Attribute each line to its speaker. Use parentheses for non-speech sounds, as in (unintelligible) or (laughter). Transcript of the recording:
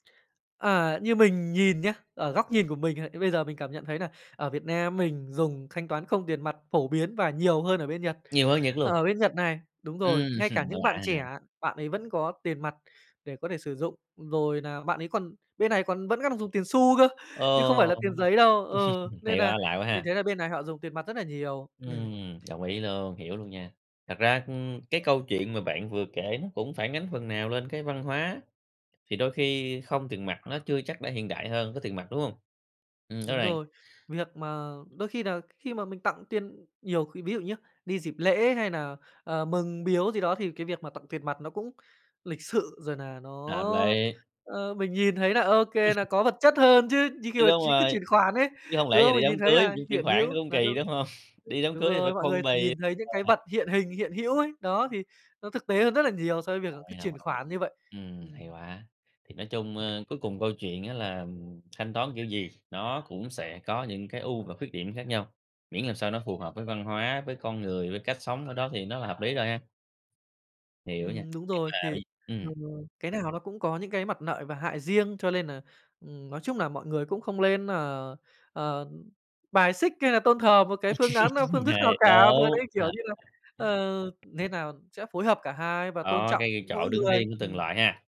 Speaker 1: Ờ, như mình nhìn nhá, ở góc nhìn của mình hay bây giờ mình cảm nhận thấy nà ở Việt Nam mình dùng thanh toán không tiền mặt phổ biến và nhiều hơn ở bên Nhật.
Speaker 2: Nhiều hơn Nhật luôn?
Speaker 1: Ở bên Nhật này, đúng rồi,
Speaker 2: Ừm
Speaker 1: ngay cả
Speaker 2: hưm, và
Speaker 1: những
Speaker 2: lạ
Speaker 1: bạn
Speaker 2: hả?
Speaker 1: trẻ, bạn ấy vẫn có tiền mặt để có thể sử dụng. Rồi nà bạn ấy còn bên này còn vẫn đang còn dùng tiền xu cơ,
Speaker 2: Ờ,
Speaker 1: chứ không phải là tiền giấy đâu, ừ,
Speaker 2: (laughs)
Speaker 1: nên
Speaker 2: hay
Speaker 1: nà
Speaker 2: quá, lạ quá
Speaker 1: mình
Speaker 2: ha.
Speaker 1: thấy là bên này họ dùng tiền mặt rất là nhiều, ừm.
Speaker 2: Ừm, đồng ý luôn, hiểu luôn nha. Thật ra, ưm, cái câu chuyện mà bạn vừa kể, nó cũng phản ánh phần nào lên cái văn hóa, thì đôi khi không tiền mặt nó chưa chắc đã hiện đại hơn có tiền mặt, đúng hông? Ừm, rõ
Speaker 1: Đúng
Speaker 2: ràng.
Speaker 1: rồi, việc mà đôi khi là khi mà mình tặng tiền nhiều khi ví dụ nhá, đi dịp lễ hay nà, ờ, mừng biếu gì đó, thì cái việc mà tặng tiền mặt nó cũng lịch sự, rồi nà nó,
Speaker 2: Hợp lý.
Speaker 1: ơ, mình nhìn thấy là ô kê, nà có vật chất hơn chứ,
Speaker 2: (chuckles)
Speaker 1: như khi
Speaker 2: Chứ
Speaker 1: mà
Speaker 2: đúng
Speaker 1: ch cứ
Speaker 2: rồi,
Speaker 1: chuyển khoản ấy,
Speaker 2: chứ hông
Speaker 1: đúng
Speaker 2: lẽ giờ
Speaker 1: không?
Speaker 2: đi
Speaker 1: Mình
Speaker 2: đám
Speaker 1: nhìn thấy
Speaker 2: cưới
Speaker 1: là
Speaker 2: chuyển chuyển
Speaker 1: hiện
Speaker 2: khoản nó
Speaker 1: hữu
Speaker 2: cũng
Speaker 1: là
Speaker 2: kì,
Speaker 1: đâu
Speaker 2: đúng hông? (sniffs)
Speaker 1: ưm,
Speaker 2: Đi đám
Speaker 1: đúng
Speaker 2: cưới thì phải
Speaker 1: rồi, mọi
Speaker 2: có phong
Speaker 1: người chỉ
Speaker 2: bì. Ờ
Speaker 1: nhìn thấy những cái vật
Speaker 2: (unintelligible)
Speaker 1: hiện hình, hiện hữu ấy, đó thì nó thực tế hơn rất là nhiều so với việc là
Speaker 2: Đồng
Speaker 1: cứ
Speaker 2: ý, đồng
Speaker 1: chuyển
Speaker 2: ý.
Speaker 1: khoản như vậy,
Speaker 2: Ừm, hay
Speaker 1: ừm.
Speaker 2: quá, thì nói chung, ơ, cuối cùng câu chuyện á, là, ừm, ừm, thanh toán kiểu gì nó cũng sẽ có những cái ưu và khuyết điểm khác nhau, miễn làm sao nó phù hợp với văn hóa, với con người, với cách sống ở đó thì nó là hợp lý rồi ha? Hiểu nha,
Speaker 1: Ừm, đúng
Speaker 2: nhưng
Speaker 1: rồi,
Speaker 2: mà
Speaker 1: thì,
Speaker 2: vậy ừm.
Speaker 1: (unintelligible) cái nào nó cũng có những cái mặt lợi và hại riêng. Cho lên nà, ừm, nói chung nà mọi người cũng không lên nà, ờ, ừm, bài xích, hay là tôn thờ một cái phương án nào, phương
Speaker 2: (laughs)
Speaker 1: thức nào
Speaker 2: Hay,
Speaker 1: cả, mà
Speaker 2: đúng.
Speaker 1: đấy, kiểu như là, ờ
Speaker 2: (unintelligible)
Speaker 1: nên nà sẽ phối hợp cả hai và tôn
Speaker 2: Đó,
Speaker 1: trọng
Speaker 2: cái cái
Speaker 1: mỗi
Speaker 2: chỗ đứng
Speaker 1: người,
Speaker 2: riêng của từng
Speaker 1: ừm.
Speaker 2: loại ha.